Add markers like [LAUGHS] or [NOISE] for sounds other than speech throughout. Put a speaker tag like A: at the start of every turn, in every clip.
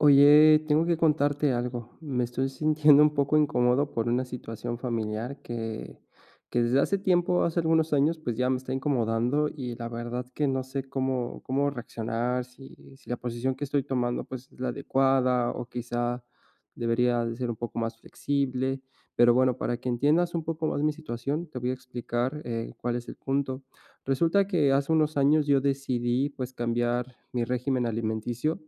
A: Oye, tengo que contarte algo. Me estoy sintiendo un poco incómodo por una situación familiar que que desde hace tiempo, hace algunos años, pues, ya me está incomodando y la verdad que no sé cómo cómo reaccionar, si si la posición que estoy tomando, pues, es la adecuada o, quizá, debería de ser un poco más flexible. Pero bueno, para que entiendas un poco más mi situación, te voy a explicar, eh, cuál es el punto. Resulta que hace unos años yo decidí, pues, cambiar mi régimen alimenticio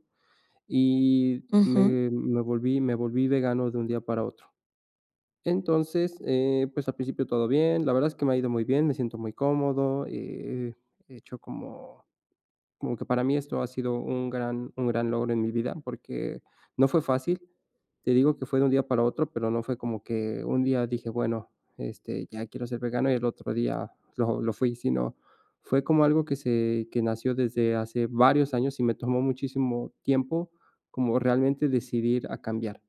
A: y
B: Ujú.
A: me me volví me volví vegano de un día para otro. Entonces, eh, pues, al principio todo bien. La verdad es que me ha ido muy bien, me siento muy cómodo, eh, he hecho como como que para mí esto ha sido un gran un gran logro en mi vida, porque no fue fácil, te digo que fue de un día para otro, pero no fue como que un día dije: "Bueno, este, ya quiero ser vegano", y el otro día lo lo fui, sino fue como algo que se que nació desde hace varios años y me tomó muchísimo tiempo como realmente decidir a cambiar.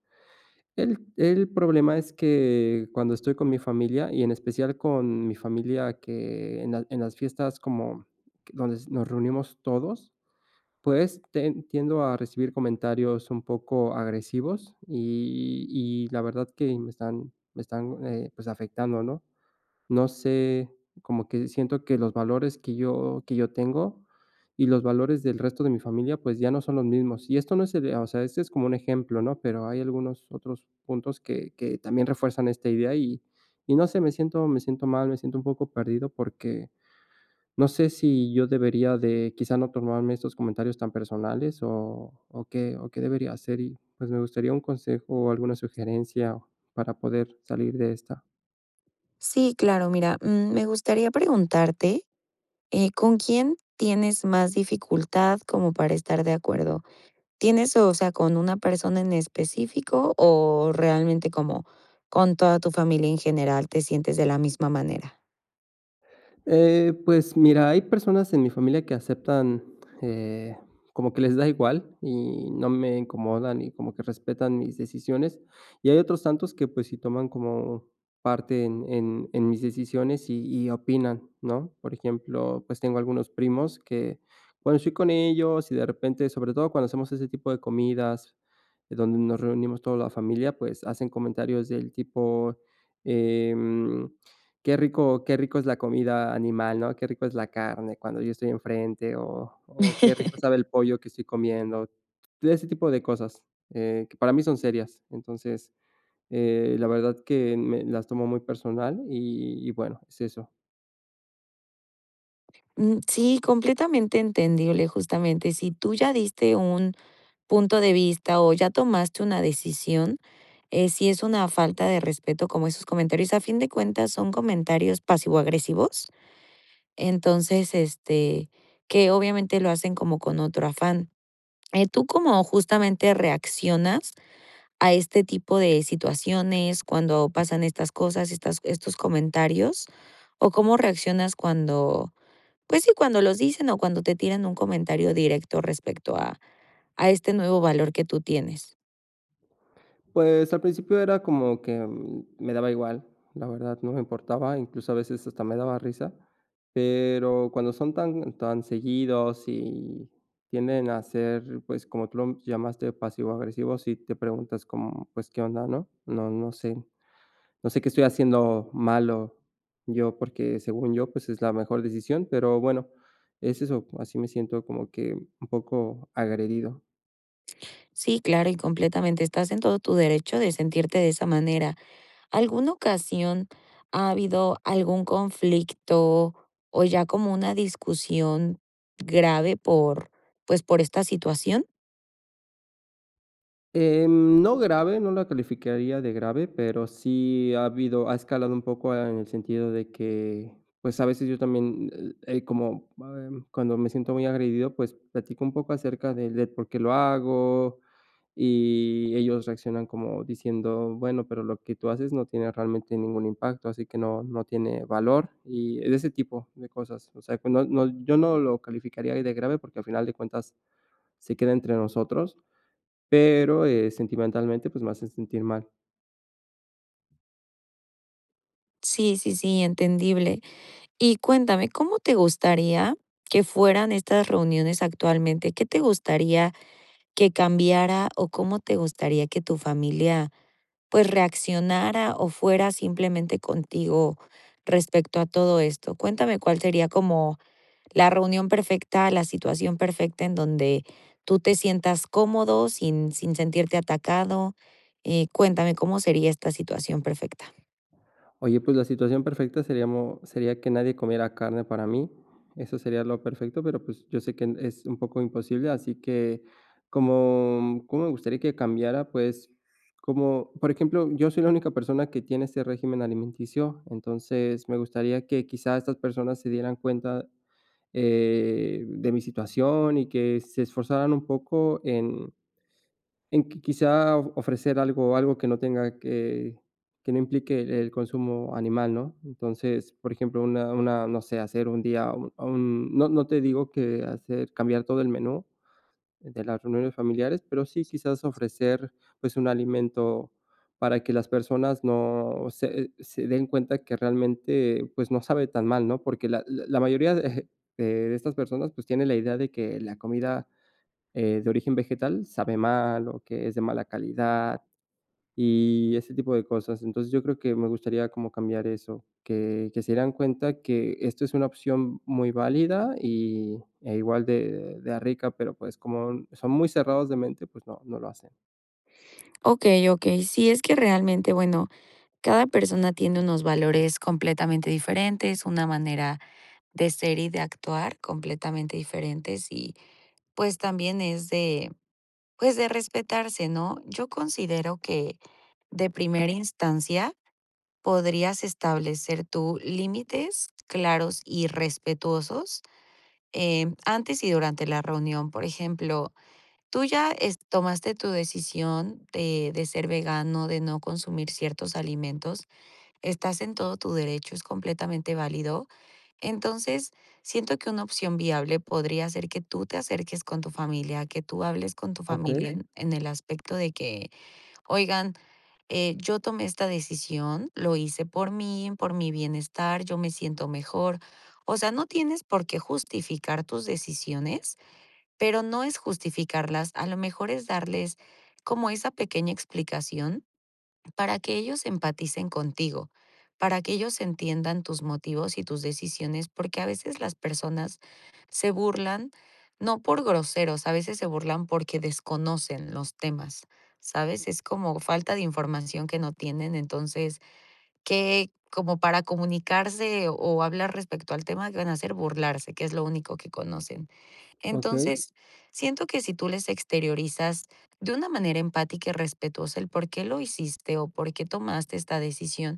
A: El el problema es que cuando estoy con mi familia, y en especial con mi familia que en las en las fiestas como donde nos reunimos todos, pues, te tiendo a recibir comentarios un poco agresivos y y y la verdad que me están me están, eh, pues, afectando, ¿no? No sé, como que siento que los valores que yo que yo tengo y los valores del resto de mi familia, pues, ya no son los mismos. Y esto no es el, o sea, esto es como un ejemplo, ¿no?, pero hay algunos otros puntos que que también refuerzan esta idea, y y no sé, me siento me siento mal, me siento un poco perdido, porque, no sé si yo debería de, quizá no tomarme estos comentarios tan personales o o qué o qué debería hacer y, pues, me gustaría un consejo o alguna sugerencia para poder salir de esta.
B: Sí, claro. Mira, mm, me gustaría preguntarte, eh, ¿con quién tienes más dificultad como para estar de acuerdo? ¿Tienes, o sea, con una persona en específico, o realmente como con toda tu familia en general te sientes de la misma manera?
A: Eh, pues mira, hay personas en mi familia que aceptan, eh, como que les da igual y no me incomodan, y como que respetan mis decisiones. Y hay otros tantos que, pues sí, toman como parte en en en mis decisiones y y opinan, ¿no? Por ejemplo, pues tengo algunos primos que, bueno, estoy con ellos y de repente, sobre todo cuando hacemos ese tipo de comidas, donde nos reunimos toda la familia, pues hacen comentarios del tipo: "Eh, mm, qué rico qué rico es la comida animal, ¿no? Qué rico es la carne". Cuando yo estoy enfrente, o o: "Qué rico
B: [LAUGHS]
A: sabe el pollo que estoy comiendo". Todo ese tipo de cosas, eh, que para mí son serias. Entonces, eh, la verdad que me las tomo muy personal, y y bueno, es eso.
B: Mm, sí, completamente entendible, justamente. Si tú ya diste un punto de vista o ya tomaste una decisión, eh, sí es una falta de respeto como esos comentarios, a fin de cuentas, son comentarios pasivo agresivos. Entonces, este, que, obviamente, lo hacen como con otro afán. Eh, tú como justamente reaccionas a este tipo de situaciones, cuando pasan estas cosas, estas estos comentarios o cómo reaccionas cuando, pues, sí, cuando los dicen o cuando te tiran un comentario directo respecto a a este nuevo valor que tú tienes.
A: Pues, al principio era como que me daba igual, la verdad, no me importaba, incluso a veces, hasta me daba risa, pero cuando son tan tan seguidos y tienden a ser, pues, como tú lo llamaste pasivo agresivos, sí te preguntas como, pues: "¿Qué onda?, ¿no? No no sé, no sé qué estoy haciendo malo yo", porque, según yo, pues, es la mejor decisión. Pero bueno, es eso. Así me siento como que un poco agredido.
B: Sí, claro, y completamente estás en todo tu derecho de sentirte de esa manera. ¿Alguna ocasión ha habido algún conflicto, o ya como una discusión grave por, pues por esta situación?
A: Em, no grave. No la calificaría de grave, pero sí ha habido ha escalado un poco en el sentido de que, pues a veces yo también, eh, como [UNINTELLIGIBLE] cuando me siento muy agredido, pues platico un poco acerca de de por qué lo hago, y ellos reaccionan como diciendo: "Bueno, pero lo que tú haces no tiene realmente ningún impacto, así que no no tiene valor", y de ese tipo de cosas. O sea, que no no, yo no lo calificaría ahí de grave porque al final de cuentas se queda entre nosotros. Pero, eh, sentimentalmente, pues me hacen sentir mal.
B: Sí, sí, sí, entendible. Y cuéntame, ¿cómo te gustaría que fueran estas reuniones actualmente? ¿Qué te gustaría que cambiara o cómo te gustaría que tu familia, pues reaccionara o fuera simplemente contigo respecto a todo esto? Cuéntame cuál sería como la reunión perfecta, la situación perfecta en donde tú te sientas cómodo, sin sin sentirte atacado. Eh, cuéntame cómo sería esta situación perfecta.
A: Oye, pues la situación perfecta seríamo sería que nadie comiera carne para mí. Eso sería lo perfecto, pero pues yo sé que en es un poco imposible, así que ¿cómo cómo me gustaría que cambiara? Pues, como por ejemplo, yo soy la única persona que tiene este régimen alimenticio, entonces, me gustaría que quizá estas personas se dieran cuenta, eh, de mi situación y que se esforzaran un poco en en que quizá ofrecer algo algo que no tenga que, que no implique el consumo animal, ¿no? Entonces, por ejemplo, una una no sé, hacer un día un no no te digo que hacer cambiar todo el menú de las reuniones familiares, pero sí quizás ofrecer, pues un alimento para que las personas no se se den cuenta que realmente pues no sabe tan mal, ¿no?, porque la la la mayoría de de de estas personas, pues tiene la idea de que la comida, eh, de origen vegetal sabe mal, o que es de mala calidad, y ese tipo de cosas. Entonces yo creo que me gustaría como cambiar eso. Que que se dieran cuenta que esto es una opción muy válida y e igual de de rica, pero pues como son muy cerrados de mente. Pues no, no lo hacen.
B: Okey, okey. Sí, es que, realmente, bueno, cada persona tiene unos valores completamente diferentes, una manera de ser y de actuar, completamente diferentes, y, pues también es de, pues, de respetarse, ¿no? Yo considero que, de primera instancia, podrías establecer tú límites, claros y respetuosos. Eh, antes y durante la reunión. Por ejemplo, tú ya, este, tomaste tu decisión, de de ser vegano, de no consumir ciertos alimentos, estás en todo tu derecho, es completamente válido. Entonces, siento que una opción viable podría ser que tú te acerques con tu familia, que tú hables con tu familia,
A: Okey.
B: en el aspecto de que: "Oigan, eh, yo tomé esta decisión. Lo hice por mí, por mi bienestar. Yo me siento mejor". O sea, no tienes por qué justificar tus decisiones, pero no es justificarlas, a lo mejor, es darles como esa pequeña explicación, para que ellos empaticen contigo, para que ellos entiendan tus motivos y tus decisiones, porque a veces las personas se burlan, no por groseros, a veces, se burlan porque desconocen los temas, ¿sabes?, es como falta de información que no tienen. Entonces, que como para comunicarse o hablar respecto al tema, ¿qué van a hacer?, burlarse, que es lo único que conocen.
A: Okey.
B: Entonces, siento que si tú les exteriorizas, de una manera empática y respetuosa el por qué lo hiciste, o por qué tomaste esta decisión,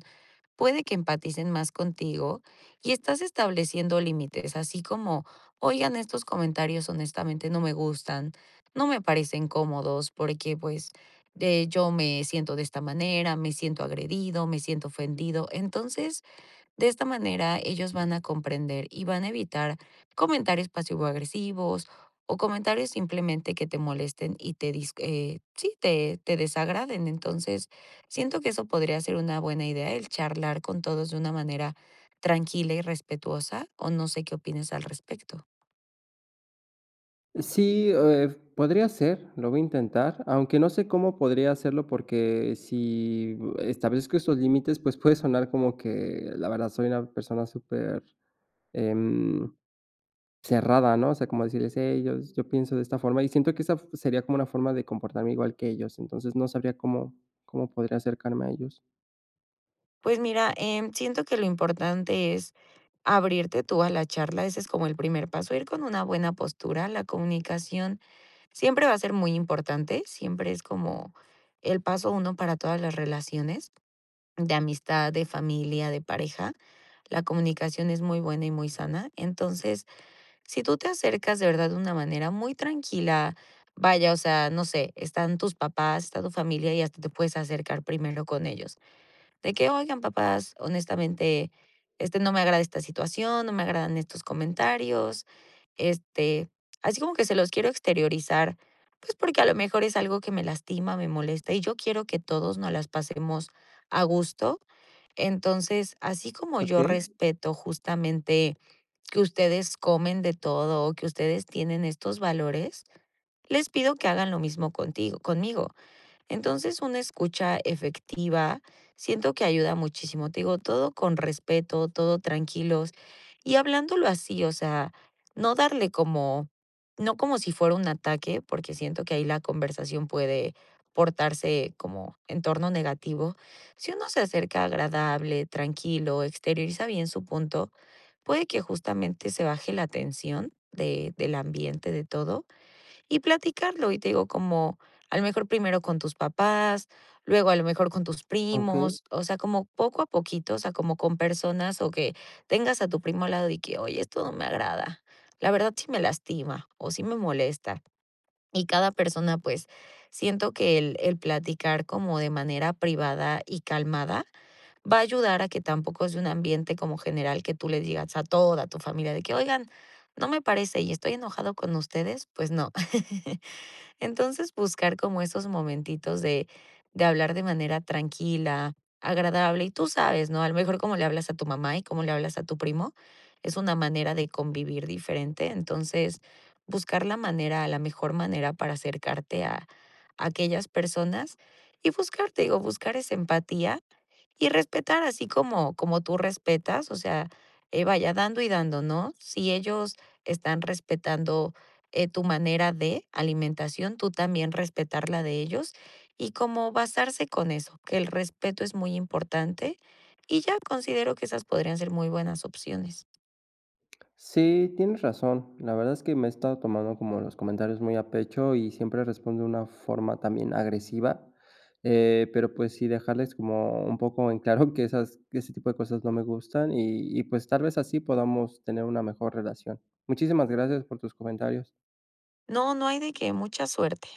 B: puede que empaticen más contigo, y estás estableciendo límites. Así como: "Oigan estos comentarios, honestamente, no me gustan. No me parecen cómodos, porque, pues, de hecho, me siento de esta manera, me siento agredido, me siento ofendido". Entonces, de esta manera, ellos van a comprender, y van a evitar, comentarios pasivo-agresivos, o comentarios simplemente que te molesten y te dis eh, sí, te te desagraden. Entonces, siento que eso podría ser una buena idea, el charlar con todos de una manera tranquila y respetuosa. O no sé qué opines al respecto.
A: Sí, eh, podría ser. Lo voy a intentar, aunque no sé cómo podría hacerlo, porque si establezco estos límites, pues puede sonar como que, la verdad, soy una persona súper, em, cerrada, ¿no? O sea, como decirles: "Hey, yo s yo pienso de esta forma", y siento que esa f sería como una forma de comportarme igual que ellos. Entonces no sabría cómo cómo podría acercarme a ellos.
B: Pues mira, em, siento que lo importante es abrirte tú a la charla. Ese es como el primer paso, ir con una buena postura. La comunicación siempre va a ser muy importante, siempre es como el paso 1 para todas las relaciones de amistad, de familia, de pareja. La comunicación es muy buena y muy sana. Entonces, si tú te acercas de verdad de una manera muy tranquila. Vaya, o sea, no sé. Están tus papás, está tu familia y hasta te puedes acercar primero con ellos. De que: "Oigan, papás, honestamente, este, no me agrada esta situación, no me agradan estos comentarios", este, así como que se los quiero exteriorizar. Pues porque, a lo mejor, es algo que me lastima, me molesta y yo quiero que todos nos las pasemos a gusto. Entonces, así como yo
A: Okey.
B: respeto justamente que ustedes comen de todo o que ustedes tienen estos valores, les pido que hagan lo mismo contigo conmigo. Entonces, una escucha efectiva. Siento que ayuda muchísimo. Te digo todo con respeto, todo tranquilos, y hablándolo así, o sea, no darle como no como si fuera un ataque, porque siento que ahí la conversación puede portarse como en torno negativo. Si uno se acerca agradable, tranquilo, exterioriza bien su punto. Puede que justamente se baje la tensión de del ambiente de todo, y platicarlo. Y te digo, como, a lo mejor, primero con tus papás, luego, a lo mejor, con tus
A: Okey.
B: primos. O sea, como poco a poquito, o sea, como con personas o que tengas a tu primo al lado y que: "Oye, esto no me agrada. La verdad, sí me lastima o sí me molesta". Y cada persona, pues, siento que el el platicar como de manera privada y calmada va a ayudar a que tampoco sea un ambiente como general que tú le digas a toda tu familia de que: "Oigan, no me parece y estoy enojado con ustedes", pues no. [CHUCKLES] Entonces, buscar como esos momentitos de de hablar de manera tranquila, agradable. Y tú sabes, ¿no?, a lo mejor, cómo le hablas a tu mamá, y cómo le hablas a tu primo es una manera de convivir diferente. Entonces, buscar la manera, la mejor manera para acercarte a aquellas personas y buscar, te digo, buscar esa empatía y respetar así como como tú respetas. O sea, eh, vaya, dando y dando, ¿no? Si ellos están respetando, eh, tu manera de alimentación, tú también respetar la de ellos, y como basarse con eso, que el respeto es muy importante, y ya considero que esas podrían ser muy buenas opciones.
A: Sí, tienes razón. La verdad es que me he estado tomando como los comentarios muy a pecho, y siempre respondo de una forma también agresiva, eh, pero, pues, sí dejarles como un poco en claro que esas que ese tipo de cosas no me gustan y y, pues, tal vez así podamos tener una mejor relación. Muchísimas gracias por tus comentarios.
B: No, no hay de qué. Mucha suerte.